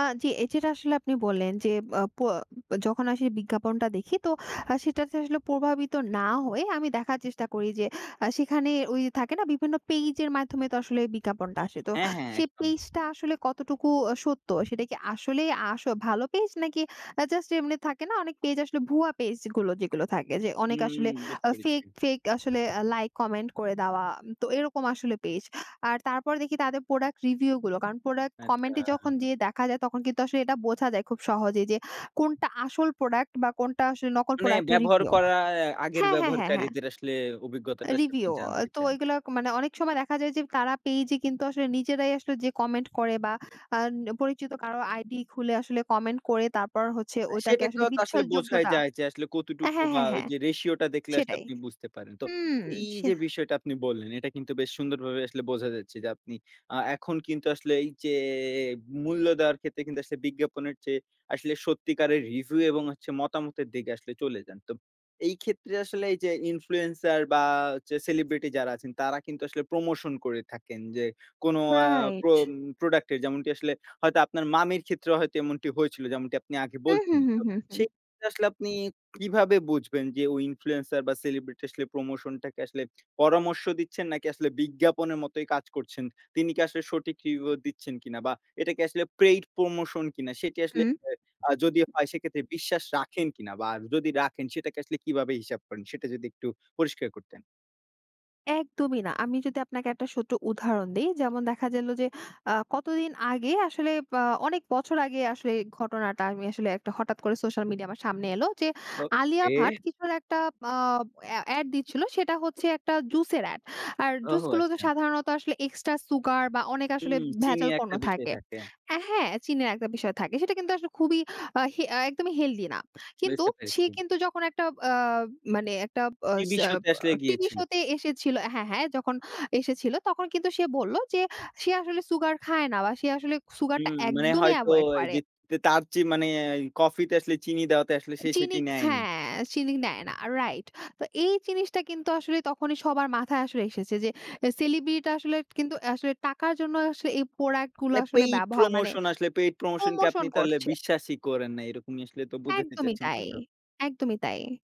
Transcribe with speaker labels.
Speaker 1: আ জ্বি, এ যেটা আসলে আপনি বললেন যে, আ প যখন আসে বিজ্ঞাপনটা দেখি তো আ সেটাতে আসলে প্রভাবিত না হয়ে আমি দেখার চেষ্টা করি যে, আ সেখানে ওই থাকে না বিভিন্ন পেইজের মাধ্যমে তো আসলে বিজ্ঞাপনটা আসে। তো
Speaker 2: হ্যা, হ্যা,
Speaker 1: সেই
Speaker 2: একদম।
Speaker 1: পেইজ টা আসলে কতটুকু অ সত্য? সেটা কি আসলেই আসো ভালো পেজ নাকি আ জাস্ট এমনি থাকে না অনেক পেজ আসলে ভুয়া পেজগুলো যেগুলো, যেগুলো থাকে যে, অনেক
Speaker 2: হুম,
Speaker 1: আসলে
Speaker 2: বুঝতে
Speaker 1: আ
Speaker 2: পেরেছি।
Speaker 1: ফেক, ফেক আসলে আ লাইক কমেন্ট করে দেওয়া তো এরকম আসলে পেজ। আর তারপর দেখি তাদের প্রোডাক্ট রিভিউগুলো। কারণ প্রোডাক্ট কমেন্টে যখন
Speaker 2: আচ্ছা
Speaker 1: যেয়ে দেখা যায় তখন কিন্তু আসলে এটা বোঝা যায় খুব সহজেই যে, কোনটা আসল প্রোডাক্ট বা কোনটা আসলে নকল
Speaker 2: মানে
Speaker 1: প্রোডাক্টের
Speaker 2: ব্যবহার
Speaker 1: রিভিউ।
Speaker 2: করার আগের
Speaker 1: হ্যা, হ্যা, হ্যা, হ্যা।
Speaker 2: ব্যবহারকারীদের আসলে অভিজ্ঞতাটা আসলে আপনি
Speaker 1: রিভিউ, আ
Speaker 2: জানতে
Speaker 1: তো
Speaker 2: চান?
Speaker 1: ওইগুলা মানে অনেক সময় দেখা যায় যে, তারা পেইজ এ কিন্তু আসলে নিজেরাই আসলে যেয়ে কমেন্ট করে বা আন পরিচিত কারো আইডি খুলে আসলে কমেন্ট করে তারপর হচ্ছে ওইটাকে
Speaker 2: সেটাই তো
Speaker 1: আসলে
Speaker 2: আসলে বোঝাই
Speaker 1: বিশ্বাসযোগ্যতা।
Speaker 2: যায়, যে, আসলে
Speaker 1: আ
Speaker 2: কতটুকু
Speaker 1: হ্যা,
Speaker 2: বা
Speaker 1: হ্যা, হ্যা,
Speaker 2: যে, রেশিওটা দেখলে আসলে
Speaker 1: সেটাই।
Speaker 2: আপনি বুঝতে পারেন। তো
Speaker 1: হুম,
Speaker 2: এই
Speaker 1: সে
Speaker 2: যে, বিষয়টা আপনি বললেন এটা কিন্তু বেশ সুন্দরভাবে আসলে বোঝা যাচ্ছে যে, আপনি আ এখন কিন্তু আসলে এই যে, মূল্য দেওয়ার ক্ষেত্রে কিন্তু আসলে বিজ্ঞাপনের চেয়ে আসলে সত্যিকারের রিভিউ এবং মতামতের দিকে আসলে চলে যান। তো এই ক্ষেত্রে আসলে এই যে, ইনফ্লুয়েন্সার বা হচ্ছে সেলিব্রিটি যারা আছেন তারা কিন্তু আসলে প্রমোশন করে থাকেন, যে, কোন আ
Speaker 1: রাইট।
Speaker 2: প্রম প্রোডাক্টের যেমনটি আসলে হয়তো আপনার মামির ক্ষেত্রেও হয়তো এমনটি হয়েছিল যেমনটি আপনি আগে
Speaker 1: হুম,
Speaker 2: বলছেন।
Speaker 1: হুম, হুম,
Speaker 2: তো
Speaker 1: হুম, হুম।
Speaker 2: সেই ক্ষেত্রে আসলে আপনি কিভাবে বুঝবেন যে, ওই ইনফ্লুয়েন্সার বা সেলিব্রিটি আসলে প্রমোশন টাকে আসলে পরামর্শ দিচ্ছেন নাকি আসলে বিজ্ঞাপনের মতোই কাজ করছেন? তিনি কি আসলে সঠিক রিভিউ দিচ্ছেন কিনা? বা এটাকে আসলে পেইড প্রমোশন কিনা সেটি আসলে
Speaker 1: হুম।
Speaker 2: আ যদিও হয় সেক্ষেত্রে বিশ্বাস রাখেন কিনা বা যদি রাখেন সেটাকে আসলে কিভাবে হিসাব করেন? সেটা যদি একটু পরিষ্কার করতেন।
Speaker 1: একদমই না। আমি যদি আপনাকে একটা ছোট উদাহরণ দেই যেমন দেখা গেল যে, আ কতদিন আগে আসলে বা অনেক বছর আগে আসলে ঘটনাটা আমি আসলে একটা হঠাৎ করে সোশ্যাল মিডিয়ায় আমার সামনে এল যে, আলিয়া ভাট
Speaker 2: ওকে।
Speaker 1: কিছুর একটা আব আ এড দিচ্ছিল সেটা হচ্ছে একটা জুস এর এড। আর
Speaker 2: ওহ,
Speaker 1: জুস গুলোতো
Speaker 2: আচ্ছা।
Speaker 1: সাধারণত আসলে এক্সট্রা সুগার বা অনেক আসলে
Speaker 2: হুম, চিনি
Speaker 1: ভেজাল পণ্য
Speaker 2: একটা বিষয়
Speaker 1: থাকে।
Speaker 2: থাকে।
Speaker 1: এ্যা হ্যা, চিনির একটা বিষয় থাকে সেটা কিন্তু আসলে খুবই আ হে একদমই হেলথি না। কিন্তু
Speaker 2: বুঝতে
Speaker 1: সে
Speaker 2: পারছি।
Speaker 1: কিন্তু যখন একটা আব মানে একটা আস
Speaker 2: টিভি শো
Speaker 1: আব
Speaker 2: তে আসলে
Speaker 1: টিভি
Speaker 2: গিয়েছিল।
Speaker 1: শো তে এসেছিল হ্যা, হ্যা, যখন এসেছিল তখন কিন্তু সে বলল যে, সে আসলে সুগার খায় না বা সে আসলে সুগার টা
Speaker 2: হুম, মানে
Speaker 1: একদমই
Speaker 2: হয়তো
Speaker 1: এভয়েড করে
Speaker 2: এইযে তার চেয়ে মানে এ কফিতে আসলে চিনি দেওয়াতে আসলে সে
Speaker 1: চিনি
Speaker 2: সেটি
Speaker 1: খ্যা
Speaker 2: নেয়নি।
Speaker 1: চিনি নেয় না রাইট। তো এই জিনিসটা কিন্তু আসলে তখনই সবার মাথায় আসলে এসেছে যে, এ সেলিব্রিটিরা আসলে কিন্তু আসলে টাকার জন্য আসলে এই প্রোডাক্ট গুলো
Speaker 2: মানে
Speaker 1: আসলে
Speaker 2: পেইড
Speaker 1: ব্যবহা মানে
Speaker 2: প্রমোশন আসলে, পেইড প্রমোশন কে
Speaker 1: প্রমোশন
Speaker 2: আপনি তাহলে
Speaker 1: করছে
Speaker 2: বিশ্বাসই করেন না এরকমই আসলে তো বুঝাতে
Speaker 1: একদমই
Speaker 2: চাচ্ছেন,
Speaker 1: তাই
Speaker 2: তাই তো?
Speaker 1: একদমই তাই